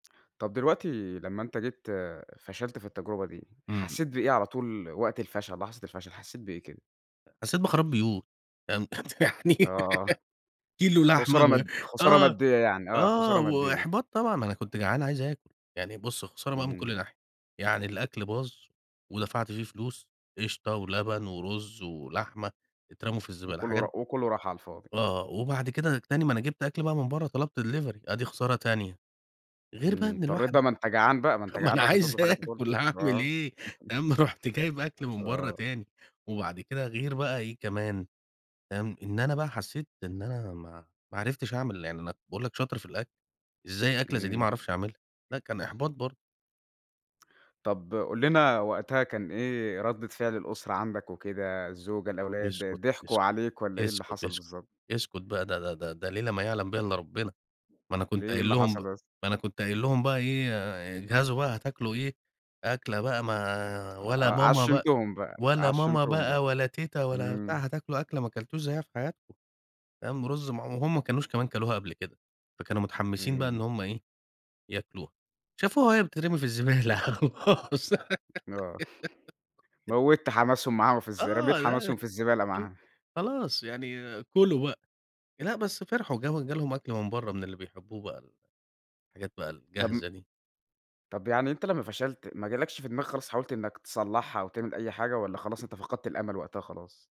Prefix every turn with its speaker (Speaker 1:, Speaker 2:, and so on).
Speaker 1: طَب دلوقتي لمّا أنت جيت فشلت في التجربة دي،
Speaker 2: إمم.
Speaker 1: حسيت بإيه على طول وقت الفشل، لحظة الفشل حسيت بإيه كده؟
Speaker 2: أ حسيت بخراب بيوت. تمام. يعني
Speaker 1: آه.
Speaker 2: كيلو لحمة
Speaker 1: خسارة
Speaker 2: ال
Speaker 1: مد خسارة
Speaker 2: آه، آه،
Speaker 1: مادية يعني، آه خسارة
Speaker 2: آه،
Speaker 1: مادية.
Speaker 2: وإحباط طبعًا، ما أنا كنت جعان عايز آكل. يعني بُص خسارة بقي من
Speaker 1: إمم.
Speaker 2: كل ناحية. يعني الأكل باظ، ودفَعت فيه فلوس قشطة ولبن ورز ولحمة اترموا في الزبالة
Speaker 1: وكلّه
Speaker 2: حاجات
Speaker 1: را وكلّه راح على الفاضي.
Speaker 2: آه، آه، وبَعد كده ج تاني ما أنا جِبت أكل بقي من برّا طلَبت delivery آدي خسارة تانية. غير بقي
Speaker 1: إمم،
Speaker 2: إن
Speaker 1: اضطريت
Speaker 2: الواحد
Speaker 1: بقي ما أنت جعان بقى ما أنت
Speaker 2: ما
Speaker 1: جعان
Speaker 2: أنا
Speaker 1: لازم
Speaker 2: عايز
Speaker 1: تطلب حاجة تاكلها،
Speaker 2: آكل هاعمل
Speaker 1: آه.
Speaker 2: إيه تمام، رُحت جايب أكل من برّا
Speaker 1: آه.
Speaker 2: تاني، وبَعد كده غير بقى إيه كمان، تمام، إن أنا بقى حسيت إن أنا ما ما عرفتش أعمل يعني أنا باقول لك شاطر في الأكل. إزاي أكلة زي دي ما
Speaker 1: إمم.
Speaker 2: اعرفش أعملها؟! لأ كان إحباط برضه.
Speaker 1: طَب قُل لنا وقتها كان إيه ردّة فِعل الأسرة عَندك وكده، الزوجة
Speaker 2: اسكت،
Speaker 1: الأولاد ضحكوا
Speaker 2: اسكت،
Speaker 1: عليك والّا إيه اللي
Speaker 2: اسكت،
Speaker 1: حصَل
Speaker 2: اسكت،
Speaker 1: بالضبط؟
Speaker 2: اسكت بقى ده ده ده ده ليلة ما يعلم بيها إلّا ربنا. ما أنا
Speaker 1: ليه،
Speaker 2: كنت
Speaker 1: إيه
Speaker 2: قايل
Speaker 1: اللي
Speaker 2: لهم ب
Speaker 1: حصَل بس؟
Speaker 2: ما أنا كنت قايل لهم بقى إيه آآ، اجهزوا بقى هتاكلوا إيه، أكلة بقى ما ولا
Speaker 1: ع
Speaker 2: ماما بقى
Speaker 1: عشِّمتُهم بقى
Speaker 2: ولا ماما
Speaker 1: عشِّمتُهم
Speaker 2: بقى
Speaker 1: بقى.
Speaker 2: ولا تيتا ولا بتاع،
Speaker 1: إمم.
Speaker 2: هتاكلوا أكلة ما أكلتوش زيّها في حياتكم تمام، رز معم وهمَّ ما كانوش كمان اكلوها قبل كده فكانوا متحمسين بقى
Speaker 1: إمم.
Speaker 2: إن هُم إيه ياكلوها، شافوها وهي بتترمي في الزبالة وخلاص
Speaker 1: آه، موّت حماسهم معاهم في الز رميت
Speaker 2: آه، لا، لا،
Speaker 1: حماسهم في الزبالة
Speaker 2: خل
Speaker 1: معاها.
Speaker 2: خلاص يعني كلوا بقي. لأ بس فرحوا جاهم جالهم أكل من برّا من اللي بيحبوه بقى ال الحاجات بقى
Speaker 1: طَب م
Speaker 2: الجاهزة دي.
Speaker 1: طَب يعني أنت لمّا فشلت، ما جالكش في دماغك خالص حاولت إنّك تصلّحها أو تعمل أي حاجة والّا خلاص أنت فقدت الأمل وقتها خلاص؟